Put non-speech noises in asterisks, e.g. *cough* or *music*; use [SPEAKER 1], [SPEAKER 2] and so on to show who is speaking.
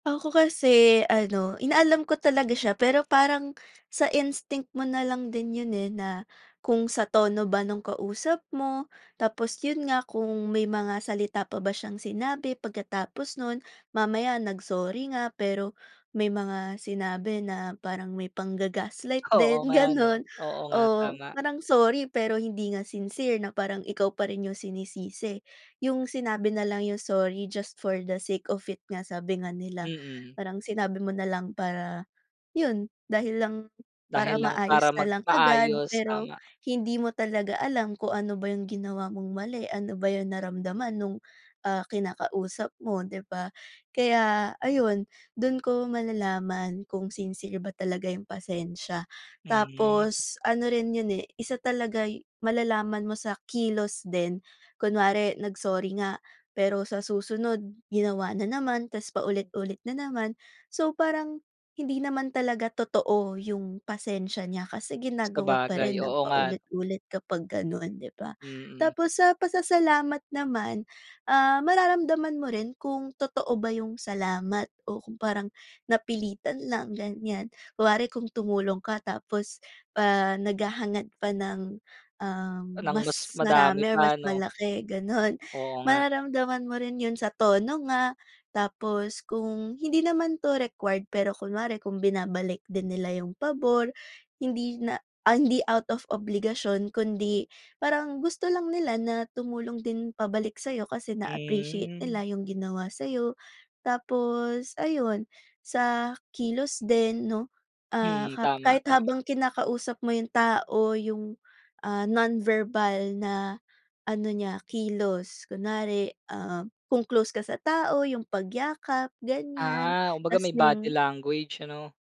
[SPEAKER 1] Ako kasi ano, inaalam ko talaga siya. Pero parang *gasps* sa instinct mo na lang din 'yon, eh, na kung sa tono ba no'ng kausap mo. Tapos 'yon nga kung may mga salita pa ba siyang sinabi pagkatapos no'n. Mamaya nag-sorry nga, pero may mga sinabi na parang may pangga-gaslight
[SPEAKER 2] Oo
[SPEAKER 1] din,
[SPEAKER 2] nga, 'no?
[SPEAKER 1] gano'n.
[SPEAKER 2] Oo nga,
[SPEAKER 1] oo.
[SPEAKER 2] tama.
[SPEAKER 1] Parang sorry, pero hindi nga sincere na parang ikaw pa rin 'yong sinisisi. 'Yong sinabi na lang 'yong sorry just for the sake of it nga, sabi nga nila. *gasps*
[SPEAKER 2] Mm.
[SPEAKER 1] Parang sinabi mo na lang para 'yon, dahil lang para
[SPEAKER 2] Dahil lang para
[SPEAKER 1] maayos na lang agad.
[SPEAKER 2] magpaayos,
[SPEAKER 1] Pero
[SPEAKER 2] tama.
[SPEAKER 1] hindi mo talaga alam kung ano ba 'yong ginawa mong mali? Ano ba 'yong naramdaman no'ng, ah, kinakausap mo, di ba? Kaya ayun, do'n ko malalaman kung sincere ba talaga 'yong pasensya. *gasps*
[SPEAKER 2] Mhm.
[SPEAKER 1] Tapos ano rin 'yon, eh, isa talaga'y malalaman mo sa kilos din. Kunwari, nag-sorry nga, pero sa susunod ginawa na naman, tapos paulit-ulit na naman. So, parang hindi naman talaga totoo 'yong pasensya niya. Kasi ginagawa pa
[SPEAKER 2] Sabagay,
[SPEAKER 1] rin ng
[SPEAKER 2] oo nga.
[SPEAKER 1] paulit-ulit kapag ganoon, di ba?
[SPEAKER 2] Mm.
[SPEAKER 1] Tapos, sa pasasalamat naman, ah, mararamdaman mo rin kung totoo ba 'yong salamat o kung parang napilitan lang, ganyan. Kunwari kung tumulong ka tapos, ah, naghahangad pa ng, um,
[SPEAKER 2] Nang mas
[SPEAKER 1] mas
[SPEAKER 2] madami
[SPEAKER 1] marami o mas
[SPEAKER 2] pa, 'no?
[SPEAKER 1] malaki, gano'n.
[SPEAKER 2] Oo nga.
[SPEAKER 1] Mararamdaman mo rin 'yon sa tono nga, tapos kung hindi naman 'to required. Pero kunwari kung binabalik din nila 'yong pabor, *gasps* hindi na ay, hindi na out of obligasyon kundi parang gusto lang nila na tumulong din pabalik sa'yo, kasi na-appreciate
[SPEAKER 2] Mhm.
[SPEAKER 1] nila 'yong ginawa sa'yo. Tapos ayun, sa kilos din, 'no? Ah,
[SPEAKER 2] Mm,
[SPEAKER 1] kap
[SPEAKER 2] tama,
[SPEAKER 1] kahit
[SPEAKER 2] tama.
[SPEAKER 1] habang kinakausap mo 'yong tao, 'yong, ah, non-verbal na ano niya, kilos. Kunwari, ah, kung close ka sa tao, 'yong pagyakap, ganyan.
[SPEAKER 2] Ah, kumbaga
[SPEAKER 1] Tapos
[SPEAKER 2] may body
[SPEAKER 1] 'yong
[SPEAKER 2] language, ano?